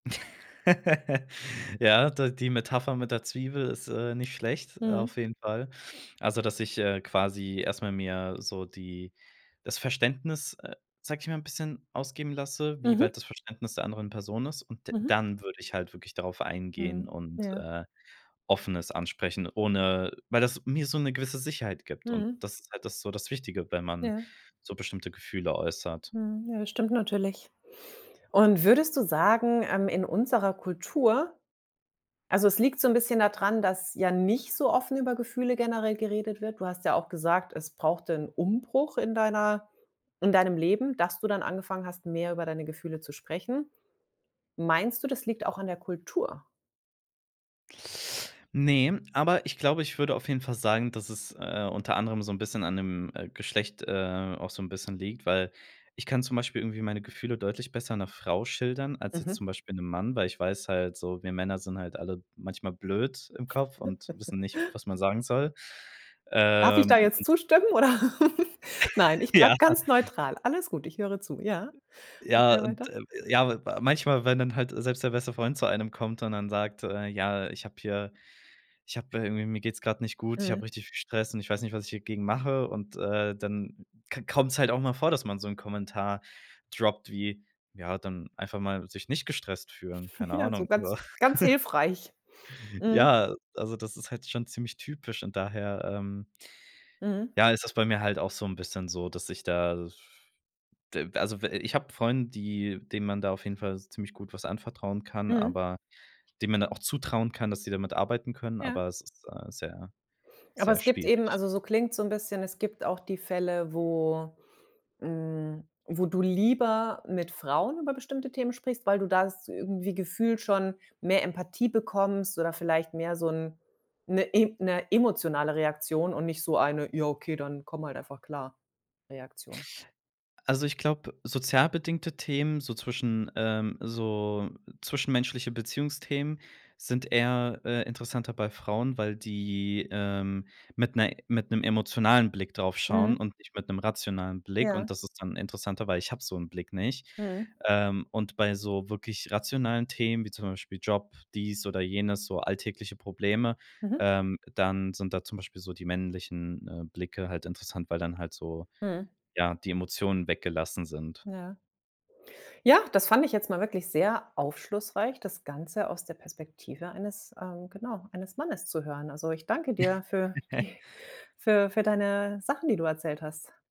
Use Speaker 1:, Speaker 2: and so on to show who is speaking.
Speaker 1: Ja, da die Metapher mit der Zwiebel ist, äh, nicht schlecht.
Speaker 2: Mhm.
Speaker 1: Auf jeden Fall. Also dass ich, äh, quasi erstmal mir so die das Verständnis, äh, sag ich mal, 'n bisschen ausgeben lasse, wie
Speaker 2: Mhm.
Speaker 1: weit das Verständnis der anderen Person ist. Und d
Speaker 2: Mhm.
Speaker 1: dann würd ich halt wirklich darauf eingehen
Speaker 2: Mhm.
Speaker 1: und,
Speaker 2: Ja.
Speaker 1: äh, offen es ansprechen, ohne weil das mir so 'ne gewisse Sicherheit gibt. Und
Speaker 2: Mhm.
Speaker 1: das ist halt das so das Wichtige, wenn man
Speaker 2: Ja.
Speaker 1: so bestimmte Gefühle äußert.
Speaker 2: Mhm. Ja, das stimmt natürlich. Und, würdest du sagen, ähm, in unserer Kultur Also, es liegt so 'n bisschen da dran, dass ja nicht so offen über Gefühle generell geredet wird. Du hast ja auch gesagt, es brauchte 'n Umbruch in deiner in deinem Leben, dass du dann angefangen hast, mehr über deine Gefühle zu sprechen. Meinst du, das liegt auch an der Kultur?
Speaker 1: Ne, aber ich glaube, ich würde auf jeden Fall sagen, dass es, äh, unter anderem so 'n bisschen an dem, äh, Geschlecht, äh, auch so 'n bisschen liegt, weil ich kann zum Beispiel irgendwie meine Gefühle deutlich besser 'ner Frau schildern als jetzt
Speaker 2: Mhm.
Speaker 1: zum Beispiel 'nem Mann, weil ich weiß halt so: Wir Männer sind halt alle manchmal blöd im Kopf und wissen nicht, was man sagen soll.
Speaker 2: Darf ich da
Speaker 1: Ähm,
Speaker 2: jetzt
Speaker 1: und
Speaker 2: zustimmen oder? Nein, ich
Speaker 1: Ja.
Speaker 2: bleib ganz neutral. Alles gut, ich höre zu. Ja.
Speaker 1: Ja,
Speaker 2: Okay,
Speaker 1: und,
Speaker 2: weiter.
Speaker 1: ähm, ja, wa manchmal, wenn dann halt selbst der beste Freund zu einem kommt und dann sagt, äh: „Ja, ich hab hier ich hab irgendwie mir geht's grad nicht gut, ich hab
Speaker 2: Mhm.
Speaker 1: richtig viel Stress, und ich weiß nicht, was ich hier gegen mache.” Und, äh, dann ko kommt's halt auch mal vor, dass man so 'n Kommentar droppt wie: „Ja, dann einfach mal sich nicht gestresst fühlen, keine
Speaker 2: Ja, so
Speaker 1: Ahnung”, oder
Speaker 2: ganz, ganz hilfreich. Mhm.
Speaker 1: Ja, also das ist halt schon ziemlich typisch und daher, ähm
Speaker 2: Mhm.
Speaker 1: ja, ist es bei mir halt auch so 'n bisschen so dass ich da das d also, we ich habe Freunde, die denen man da auf jeden Fall ziemlich gut was anvertrauen kann,
Speaker 2: Mhm.
Speaker 1: aber denen man dann auch zutrauen kann, dass sie damit arbeiten können,
Speaker 2: Ja.
Speaker 1: aber es ist, äh, sehr,
Speaker 2: Aber
Speaker 1: sehr
Speaker 2: es gibt eben,
Speaker 1: schwierig.
Speaker 2: also so klingt es so 'n bisschen es gibt auch die Fälle, wo, hm, wo du lieber mit Frauen über bestimmte Themen sprichst, weil du das irgendwie gefühlt schon mehr Empathie bekommst oder vielleicht mehr so 'n 'ne im 'ne emotionale Reaktion und nicht so eine „Ja okay, dann komm halt einfach klar"-Reaktion?
Speaker 1: Also, ich glaube, sozial bedingte Themen, so zwischen ähm, so zwischenmenschliche Beziehungsthemen sind eher, äh, interessanter bei Frauen, weil die, ähm, mit 'ner mit 'nem emotionalen Blick drauf schauen
Speaker 2: Mhm.
Speaker 1: und nicht mit 'nem rationalen Blick. Und
Speaker 2: Ja.
Speaker 1: das ist dann interessanter, weil ich hab so 'n Blick nicht.
Speaker 2: Mhm.
Speaker 1: Ähm, und bei so wirklich rationalen Themen wie zum Beispiel Job, dies oder jenes, so alltägliche Probleme,
Speaker 2: Mhm.
Speaker 1: ähm, dann sind da zum Beispiel so die männlichen, äh, Blicke halt interessant, weil dann halt so,
Speaker 2: Mhm.
Speaker 1: ja, die Emotionen weggelassen sind.
Speaker 2: Ja. Ja. Das fand ich jetzt mal wirklich sehr aufschlussreich, das Ganze aus der Perspektive eines ähm, genau, eines Mannes zu hören. Also ich danke dir für die für für deine Sachen, die du erzählt hast.